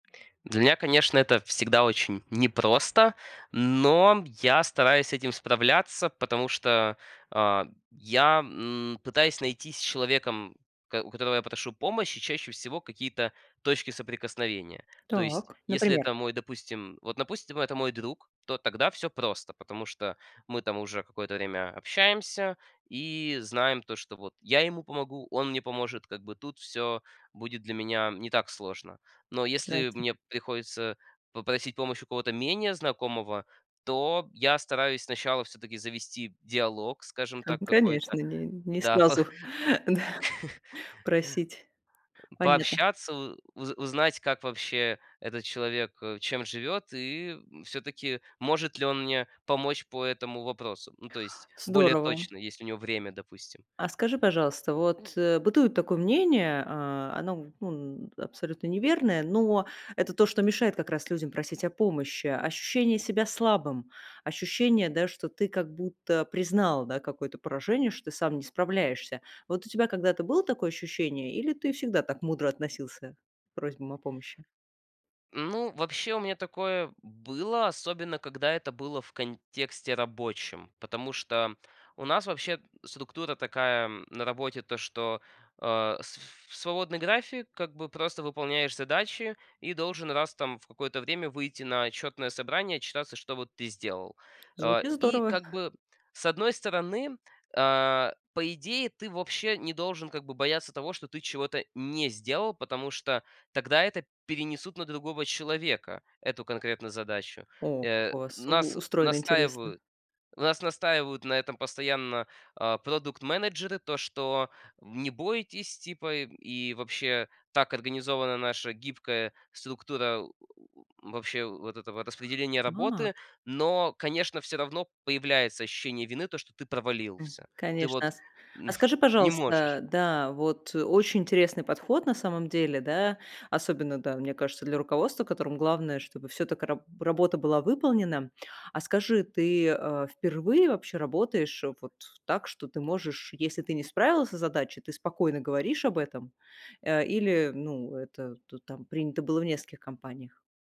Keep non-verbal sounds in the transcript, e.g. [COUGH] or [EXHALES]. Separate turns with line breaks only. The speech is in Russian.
Для меня, конечно, это всегда очень непросто, но я стараюсь с этим справляться, потому что, а, я, м, пытаюсь найти с человеком, у кот у которого я прошу помощи, чаще всего какие-то точки соприкосновения. То есть,
Так,
если
например.
это мой допустим, вот, допустим, это мой друг, то тогда всё просто, потому что мы там уже какое-то время общаемся и знаем то, что вот я ему помогу, он мне поможет, как бы тут всё будет для меня не так сложно. Но если
Операция.
мне приходится попросить помощь у кого-то менее знакомого, то я стараюсь сначала всё-таки завести диалог, скажем
Ну
так, какой-то.
конечно, н не
Да, па
сразу, да,
[CHUCKLES]
просить. Поня
Пообщаться, у уз узнать, как вообще этот человек, э, чем живет и, м, всё-таки может ли он мне помочь по этому вопросу. Ну, то есть более
Здорово.
точно, есть ли у него время, допустим.
А скажи, пожалуйста, вот, э, бытует такое мнение, а, оно, ну, абсолютно неверное, но это то, что мешает как раз людям просить о помощи. Ощущение себя слабым, ощущение, да, что ты как будто признал, да, какое-то поражение, что ты сам не справляешься. Вот у тебя когда-то было такое ощущение или ты всегда так мудро относился к просьбам о помощи?
Ну, вообще у меня такое было, особенно когда это было в контексте рабочем, потому что у нас вообще структура такая на работе, то, что, а, с ф свободный график, как бы просто выполняешь задачи и должен раз там в какое-то время выйти на отчетное собрание, отчитаться, что вот ты сделал. А
Звучит
и
здорово.
как бы с одной стороны, а, по идее, ты вообще не должен, как бы, бояться того, что ты чего-то не сделал, потому что тогда это перенесут на другого человека эту конкретную задачу.
О, как
Э,
у вас у
нас
устроено, интересно.
настаивают нас настаивают на этом постоянно, а, продукт-менеджеры, то, что: "Не бойтесь, типа". И вообще так организована наша гибкая структура, э, э, вообще вот этого распределения
А.
работы. Но, конечно, всё равно появляется ощущение вины, то, что ты
М,
провалился. Ты вот
конечно, а, с А
м,
скажи,
[EXHALES] не можешь.
пожалуйста, да, вот очень интересный подход на самом деле, да, особенно, да, мне кажется, для руководства, которому главное, чтобы всё так и раб работа была выполнена. А скажи, ты, а, впервые вообще работаешь вот в так, что ты можешь, если ты не справился с задачей, ты спокойно говоришь об этом, а, или, ну, это ту там принято было в нескольких компаниях?